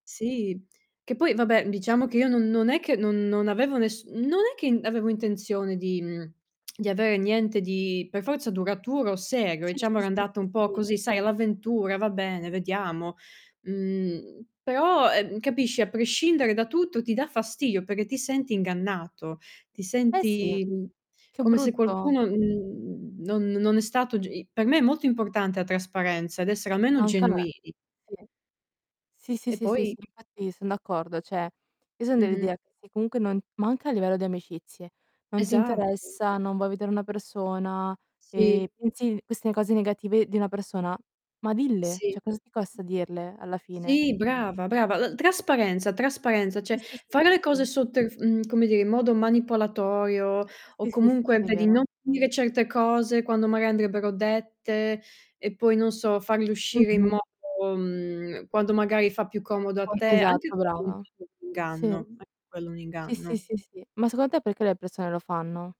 Sì, che poi vabbè diciamo che io non non è che non non avevo ness non è che n avevo intenzione di mhmm, di avere niente di, per forza duraturo o serio, Sì, diciamo sì, era sì, andata sì, un po' sì. così, sai, all'avventura, va bene, vediamo. Mhmm, però, ehm, capisci, a prescindere da tutto, ti dà fastidio perché ti senti ingannato, ti Eh sì! senti, mhmm, Che come se brutto. qualcuno mhmm, non non è stato g i per me è molto importante la trasparenza ed essere almeno Anche a me. genuini. Sì. Sì, sì, E sì, sì, sì, poi infatti son d'accordo, cioè io son Mh-mh. dell'idea che se comunque non ma anche a livello di amicizie. Non ti Esatto. interessa, non vuoi vedere una persona, e Sì. pensi queste cose negative di una persona, ma dille! Sì. Cioè cosa ti costa dirle, alla fine? Sì, brava, brava, l trasparenza, trasparenza Sì, cioè sì, sì, fare sì, le cose sì. sotterf mhmm, come dire, in modo manipolatorio o Sì, sì, sì, sì, comunque, sì, vedi, non vero. dire certe cose quando maga andrebbero dette, e poi non so, farle uscire in Mh-mh. modo mhmm, quando magari fa più comodo a [unintelligible] te anche Esatto, brava. [unintelligible] Sì. inganno. Anche quello è un Sì, sì, inganno. sì, sì. Ma secondo te perché le persone lo fanno?